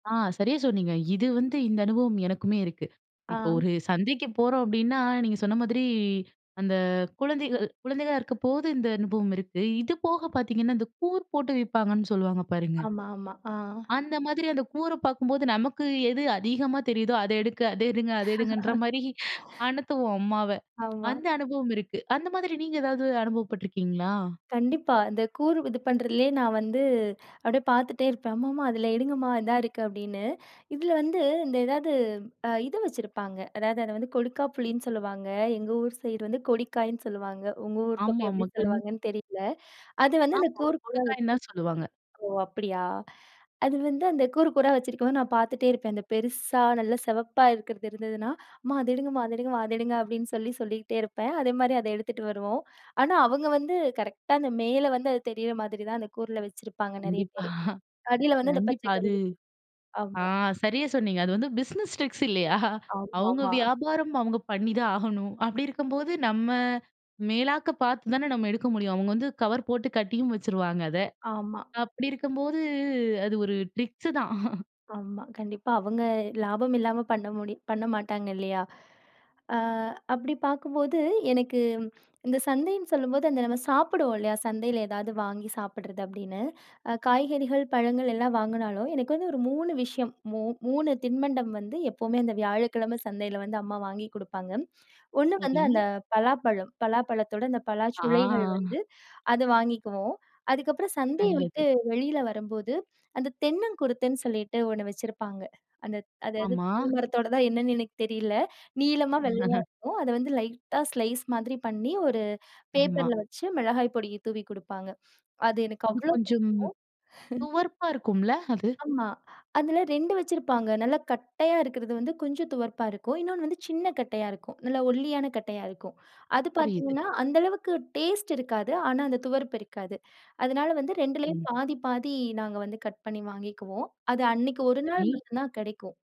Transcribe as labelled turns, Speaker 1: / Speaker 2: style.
Speaker 1: ஆ. சரியா சொன்னீங்க. இது வந்து, இந்த அனுபவம் எனக்குமே இருக்கு. இப்போ
Speaker 2: ஆ.
Speaker 1: ஒரு சந்தைக்கு போறோம் அப்படின்னா, நீங்க சொன்ன மாதிரி, அந்த குழந்தைகள் குழந்தைகளா இருக்கப்போது இந்த அனுபவம் இருக்கு. இது போக பாத்தீங்கன்னா, இந்த கூறு போட்டு விப்பாங்கன்னு சொல்லுவாங்க, பாருங்க.
Speaker 2: ஆமா, ஆமா. ஆ.
Speaker 1: அந்த மாதிரி அந்த கூற பாக்கும்போது, நமக்கு எது அதிகமா தெரியுதோ, "அதை எடுக்க, அதை எடுங்க அத எடுங்கன்ற" மாரி அனத்துவோம், அம்மாவ.
Speaker 2: ஆமா.
Speaker 1: அந்த அனுபவம் இருக்கு. அந்த மாதிரி நீங்க ஏதாவது அனுபவப்பட்டுருக்கீங்களா?
Speaker 2: கண்டிப்பா. இந்த கூறு இது பண்ணுறதுலயே, நான் வந்து அப்டியே பாத்துட்டே இருப்பேன். "அம்மா அம்மா அதில எடுங்கம்மா. இதா இருக்கு." அப்டின்னு. இதில வந்து, இந்த எதாவது அ இத வச்சிருப்பாங்க. அதாவது, அத வந்து கொடுக்காப்புளின்னு சொல்லுவாங்க. எங்க ஊர் சைடு வந்து கொடிக்காய்ன்னு சொல்லுவாங்க. உங்க ஊர் பக்கம்
Speaker 1: ஆமாமா,
Speaker 2: எப்பிடி
Speaker 1: கண்
Speaker 2: சொல்லுவாங்கன்னு தெரியல. அது வந்து அந்த
Speaker 1: ஆமாமா.
Speaker 2: கூறு கூறா
Speaker 1: கொடுக்காயின்னுதான் சொல்லுவாங்க.
Speaker 2: ஓ அப்படியா. அது வந்து, அந்த கூறு கூறா வச்சுருக்கும்போது, நான் பாத்துட்டே இருப்பேன். அந்த பெருசா, நல்லா சிவப்பா இருக்கிறது இருந்ததுனா, "அம்மா அத எடுங்கம்மா அத எடுங்கம்மா அத எடுங்க." அப்படின்னு சொல்லி சொல்லிகிட்டே இருப்பேன். அதே மாரி அத எடுத்துட்டு வருவோம். ஆனா, அவங்க வந்து கரெக்ட்டா, அந்த மேல வந்து அது தெரியிற மாதிரி தான் அந்த கூறுல வச்சிருப்பாங்க, நிறைய
Speaker 1: கண்டிப்பா.
Speaker 2: பேரு. அடியில வந்து அந்த
Speaker 1: கண்டிப்பா,
Speaker 2: பச்சை
Speaker 1: அது
Speaker 2: கலரு
Speaker 1: ஆ
Speaker 2: ஆமா.
Speaker 1: சரியா சொன்னீங்க. அது வந்து பிஸ்னஸ் ட்ரிக்ஸ் இல்லையா? அவுங்க
Speaker 2: ஆம்மாமா.
Speaker 1: வியாபாரம். அவுங்க பண்ணி தான் ஆகணும். அப்டி இருக்கும்போது, நம்ம, மேலாக்க பாத்து தானே, நம்ம எடுக்க முடியும்! அவுங்க வந்து கவர் போட்டு கட்டியும் வச்சுருவாங்க, அத.
Speaker 2: ஆமா.
Speaker 1: அப்பிடி இருக்கும்போது, அது ஒரு ட்ரிக்ஸு தான்.
Speaker 2: ஆமா. கண்டிப்பா. அவங்க லாபம் இல்லாம பண்ண முடியும் பண்ண மாட்டாங்க. இல்லையா! ஆ அப்பிடி பாக்கும்போது, எனக்கு ம், இந்த சந்தைன்னு சொல்லும்போது, அந்த நம்ம சாப்பிடுவோம் இல்லையா? சந்தையில ஏதாவது வாங்கி சாப்பிடுறது, அப்டின்னு. அ காய்கறிகள், பழங்கள் எல்லாம் வாங்குனாலும், எனக்கு வந்து ஒரு 3 விஷயம் மூ 3 தின்பண்டம் வந்து, எப்பவுமே அந்த வியாழக்கிழமை சந்தையில வந்து, அம்மா வாங்கி குடுப்பாங்க. 1 வந்து
Speaker 1: சரி.
Speaker 2: அந்த பலாப்பழம். பலாப்பழத்தோட அந்த பலாச்சுளைகள்
Speaker 1: ஆ.
Speaker 2: வந்து அத வாங்கிக்குவோம். அதுக்கப்புறம் சந்தைய விட்டு
Speaker 1: நல்லது.
Speaker 2: வெளியில வரம்போது, அந்த தென்னங்குருத்துன்னு சொல்லிட்டு 1 வச்சிருப்பாங்க. அந்த அதாவது
Speaker 1: ஆமா.
Speaker 2: [unintelligible] மரத்தோடதா? என்னன்னு எனக்கு தெரியல. நீளமா, வெள்ளையா இருக்கும். அதை வந்து லைட்டா ஸ்லைஸ் மாரி பண்ணி, ஒரு
Speaker 1: ஆமா.
Speaker 2: பேப்பர்ல வச்சு, மிளகாய் பொடிய தூவி குடுப்பாங்க. அது எனக்கு
Speaker 1: இது
Speaker 2: அவ்வளோ புடிக்கும்.
Speaker 1: கொஞ்சம், துவர்ப்பா இருக்கும்ல! அது.
Speaker 2: ஆமா. அதில 2 வச்சிருப்பாங்க. நல்லா கட்டையா இருக்கிறது வந்து கொஞ்சம் துவர்ப்பா இருக்கும். இன்னொண்ணு வந்து சின்ன கட்டையா இருக்கும். நல்லா ஒல்லியான கட்டையா இருக்கும். அது
Speaker 1: புரியுது.
Speaker 2: பாத்தீங்கன்னா, அந்த அளவுக்கு டேஸ்ட் இருக்காது. ஆனா, அந்த துவர்ப்பு இருக்காது. அதுனால வந்து 2லயும்
Speaker 1: ம்.
Speaker 2: பாதி பாதி, நாங்க வந்து கட் பண்ணி வாங்கிக்குவோம். அது அன்னைக்கு 1 நாள்
Speaker 1: சரி.
Speaker 2: மட்டும் தான் கெடைக்கும்.